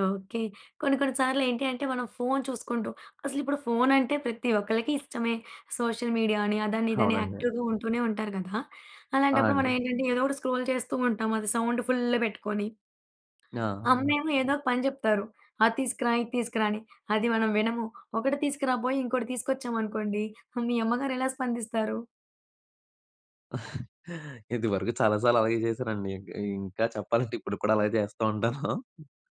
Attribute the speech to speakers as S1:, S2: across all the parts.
S1: Okay. కొన్ని కొన్ని సార్లేంటి అంటే, మనం ఫోను చూసుకుంటూ అసలిప్పుడు ఫోనంటే ప్రతి ఒక్కళ్ళకి ఇష్టమే. సోషల్ మీడియా అని, అదనిదని
S2: అవునండీ.
S1: యాక్టివ్‌గా ఉంటూనే ఉంటారు కదా!
S2: ఆ!
S1: అలాంటప్పుడు మనం
S2: అండి.
S1: ఏంటంటే, ఏదో ఒకటి స్క్రోల్ చేస్తూ ఉంటాం. అది సౌండ్ ఫుల్ పెట్టుకొని.
S2: ఆ! అవును.
S1: అమ్మేమో ఏదో ఒక పని చెప్తారు. "అది తీసుకురా, ఇది తీసుకురా" అని. అది మనం వినము. ఒకటి తీసుకురాబోయి, ఇంకోటి తీసుకొచ్చామనుకోండి హ్మ్. మీ అమ్మగారెలా స్పందిస్తారు?
S2: ఇదివరకు చాలా సార్లు అలాగే చేశానండి. ఇ ఇంకా చెప్పాలంటే, ఇప్పుడు కూడా అలాగే చేస్తూంటాను.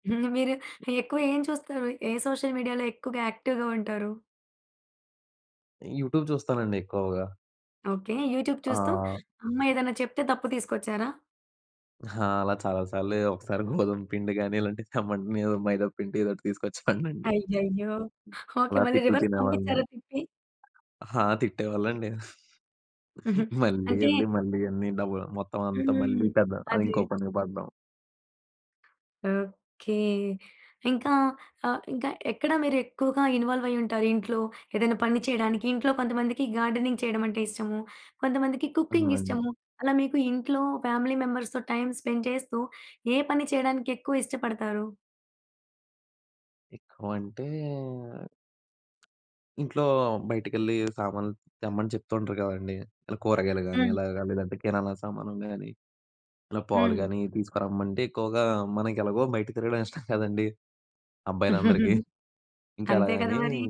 S1: మీరు ఎక్కువ ఏం చూస్తారు? ఏ సోషల్ మీడియాలో ఎక్కువగా యాక్టివ్‌గా ఉంటారు?
S2: యూట్యూబ్ చూస్తానండి ఎక్కువగా.
S1: ఓకే. యూట్యూబ్ చూస్తూ,
S2: ఆ!
S1: అమ్మ ఏదైనా చెప్తే తప్పు తీసుకొచ్చారా?
S2: ఆ! అలా చాలా సార్లే. ఒకసారి గోధుమ పిండి గాని ఇలాంటివి తెమ్మంటే నేనేదో మైదా పిండి ఏదోటి తీసుకొ‌చేవనండి.
S1: అయ్యయ్యో! ఓకే.
S2: అలా
S1: మళ్ళీ
S2: తిట్లు
S1: రివర్స్
S2: తినేవాళ్ళని.
S1: పంపించారా తిట్టి?
S2: ఆ! తిట్టేవాళ్ళండి.
S1: హుహు.
S2: మళ్ళీ
S1: అంటే
S2: ఎళ్లి, మళ్ళీ అన్ని డబ మొత్తం అంతా మళ్ళీ
S1: హ్మ్.
S2: పెద
S1: అది.
S2: అదింకో పని పడ్డం.
S1: ఓకే. ఇంకా ఆహ్, ఇంకా ఎక్కడ మీరు ఎక్కువగా ఇన్వాల్వయుంటారు ఇంట్లో? ఏదైనా పని చేయడానికి, ఇంట్లో కొంతమందికి గార్డెనింగ్ చేయడమంటే ఇష్టము. కొంతమందికి కుకింగ్
S2: అవునండీ.
S1: ఇష్టము. అలా మీకు ఇంట్లో ఫ్యామిలీ మెంబర్స్‌తో టైమ్ స్పెండ్ చేస్తూ ఏ పని చేయడానికి ఎక్కువిష్టపడతారు?
S2: ఎక్కువ అంటే, ఇంట్లో బయటికెళ్ళి సామాన్లు తెమ్మని చెప్తూంటారు కదండీ! ఇలా కూరగాయలు గానీ,
S1: హ్మ్.
S2: అలా‌గా లేదంటే కిరాణా సామానులు గానీ, ఇలా పాలు
S1: హ్మ్.
S2: గాని, తీసుకురమ్మంటే ఎక్కువగా మనకేలాగో బయట తిరగడం ఇష్టం కదండీ! అబ్బాయిలందరికీ. ఇంకా
S1: అంతే కదా
S2: అలాగని
S1: మరి!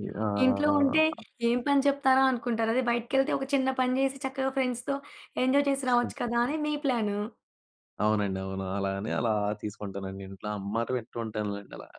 S1: ఇంట్లో ఉంటే,
S2: ఆహ్
S1: ఏం పని చెప్తారో. అనుకుంటారదే బయటికి వెళ్తే ఒక చిన్న పని చేసి చక్కగా ఫ్రెండ్స్‌తో ఎంజాయ్ చేసి రావచ్చు కదా! అని మీ ప్లాను.
S2: అవునండి. అవును. అలా అని అలా తీసుకుంటానండి ఇంట్లో అమ్మ మాట వింటుంటానులెండి అలాగ.